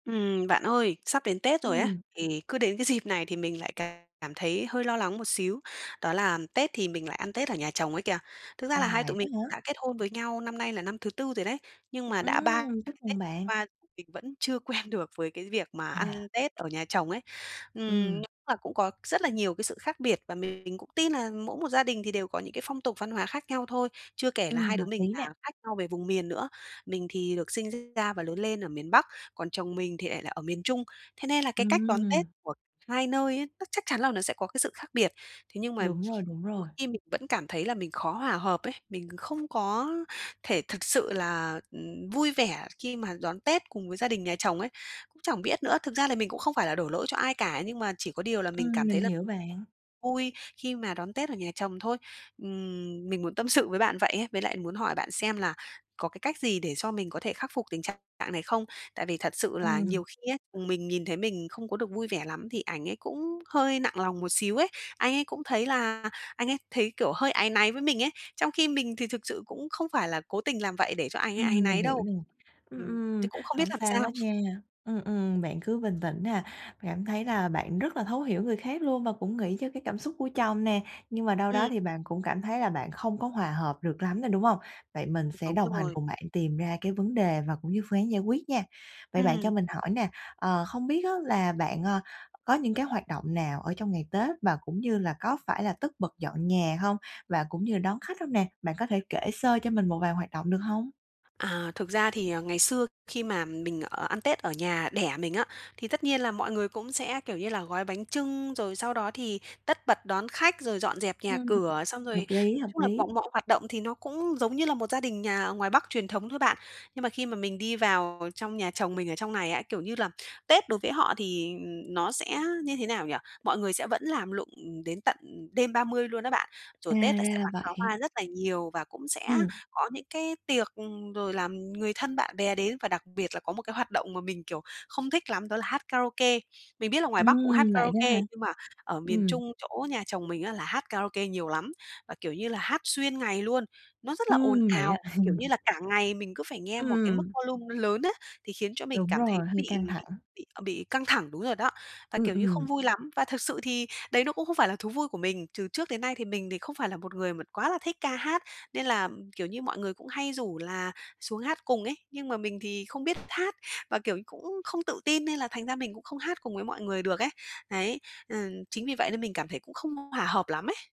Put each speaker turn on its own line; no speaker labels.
Ừm, bạn ơi, sắp đến Tết rồi á,
Ừm.
thì cứ đến cái dịp này thì mình lại cảm thấy hơi lo lắng một xíu. Đó là Tết thì mình lại ăn Tết ở nhà chồng ấy kìa. Thực ra là
À,
hai
vậy
tụi
đó
mình
hả?
đã kết hôn với nhau năm nay là năm thứ 4 rồi đấy, nhưng mà đã ba
Ừm,
ba
chúc
cái
mừng
Tết
bạn!
qua mình vẫn chưa quen được với cái việc mà
À.
ăn Tết ở nhà chồng ấy. Ừm, nh
Ừm.
là cũng có rất là nhiều cái sự khác biệt và mình cũng tin là mỗi một gia đình thì đều có những cái phong tục văn hóa khác nhau thôi, chưa kể là
Ừm,
hai đứa
hợp
mình
lý
là
nè.
khác nhau về vùng miền nữa. Mình thì được sinh ra và lớn lên ở miền Bắc, còn chồng mình thì lại là ở miền Trung. Thế nên là cái cách đón Tết
Ừm.
của 2 nơi á, nó chắc chắn là nó sẽ có cái sự khác biệt, thế nhưng mà
Đúng rồi, đúng rồi.
[unintelligible] khi mình vẫn cảm thấy là mình khó hòa hợp ấy. Mình không có thể thực sự là, ừm, vui vẻ khi mà đón Tết cùng với gia đình nhà chồng ấy, cũng chẳng biết nữa. Thực ra là mình cũng không phải là đổ lỗi cho ai cả nhưng mà chỉ có điều là mình
Ừm,
cảm
mình
thấy là
hiểu bạn.
vui khi mà đón Tết ở nhà chồng thôi. Ừm, mình muốn tâm sự với bạn vậy ấy, với lại muốn hỏi bạn xem là có cái cách gì để cho mình có thể khắc phục tình trạng này không? Tại vì thật sự là
Ừm.
nhiều khi ấy, ừm, mình nhìn thấy mình không có được vui vẻ lắm thì ảnh ấy cũng hơi nặng lòng một xíu ấy. Anh ấy cũng thấy là anh ấy thấy, kiểu, hơi áy náy với mình ấy, trong khi mình thì thực sự cũng không phải là cố tình làm vậy để cho anh ấy áy
Ừm, mình
náy
hiểu
đâu.
nè. Ừm,
Ừm,
ừm.
thế cũng không biết
Hổng
làm
sao
sao?
hết nha. Ừm, ừm, bạn cứ bình tĩnh nè, cảm thấy là bạn rất là thấu hiểu người khác luôn và cũng nghĩ cho cái cảm xúc của chồng nè, nhưng mà đâu đó
Ừm.
thì bạn cũng cảm thấy là bạn không có hòa hợp được lắm nè, đúng hông? Vậy mình sẽ
Đúng
đồng hành
rồi.
cùng bạn tìm ra cái vấn đề và cũng như phương án giải quyết nha. Vậy bạn cho
Ừm.
mình hỏi nè, ờ, không biết á là bạn, a, có những cái hoạt động nào ở trong ngày Tết và cũng như là có phải là tất bật dọn nhà hông? Và cũng như đón khách hông nè, bạn có thể kể sơ cho mình một vài hoạt động được hông?
À, thực ra thì, à, ngày xưa khi mà mình ở ăn Tết ở nhà đẻ mình á, thì tất nhiên là mọi người cũng sẽ, kiểu như là, gói bánh chưng rồi sau đó thì tất bật đón khách rồi dọn dẹp nhà
Ừm.
cửa. Xong rồi
Hợp lý,
nói
hợp
chung là
lý.
bọn mọi hoạt động thì nó cũng giống như là một gia đình nhà ở ngoài Bắc truyền thống thôi bạn. Nhưng mà khi mà mình đi vào trong nhà chồng mình ở trong này ấy, kiểu như là, Tết đối với họ thì, ừm, nó sẽ như thế nào nhỉ? Mọi người sẽ vẫn làm lụng, ừm, đến tận, ừm, đêm 30 luôn á bạn.
À,
Rồi Tết là
ra
sẽ
là
bắn pháo
vậy.
hoa rất là nhiều và cũng sẽ
Ừm.
có những cái tiệc, ừm, rồi là, ừm, người thân bạn bè đến, và đặc biệt là có một cái hoạt động mà mình, kiểu, không thích lắm đó là hát karaoke. Mình biết là ngoài Bắc cũng hát
Ừm, vậy đó
karaoke,
hả?
nhưng mà ở miền
Ừm.
Trung chỗ nhà chồng mình á là hát karaoke nhiều lắm, và, kiểu như là, hát xuyên ngày luôn, nó rất là ồn
Ừm, vậy á.
ào, kiểu như là cả ngày mình cứ phải nghe
Ưm,
một cái mức
ừm.
volume nó lớn á, thì khiến cho mình
Đúng
cảm thấy
rồi, hơi căng
bị bị
thẳng.
bị, à, bị căng thẳng đúng rồi đó, và,
Ừm,
kiểu như, không
ừm.
vui lắm, và thực sự thì đấy nó cũng không phải là thú vui của mình. Trừ trước đến nay thì mình thì không phải là một người mà quá là thích ca hát, nên là, ừm, kiểu như, mọi người cũng hay rủ là xuống hát cùng ấy nhưng mà mình thì không biết hát và, kiểu, cũng không tự tin nên là thành ra mình cũng không hát cùng với mọi người được ấy. Đấy. Ừm, chính vì vậy nên mình cảm thấy cũng không hoà hợp lắm ấy.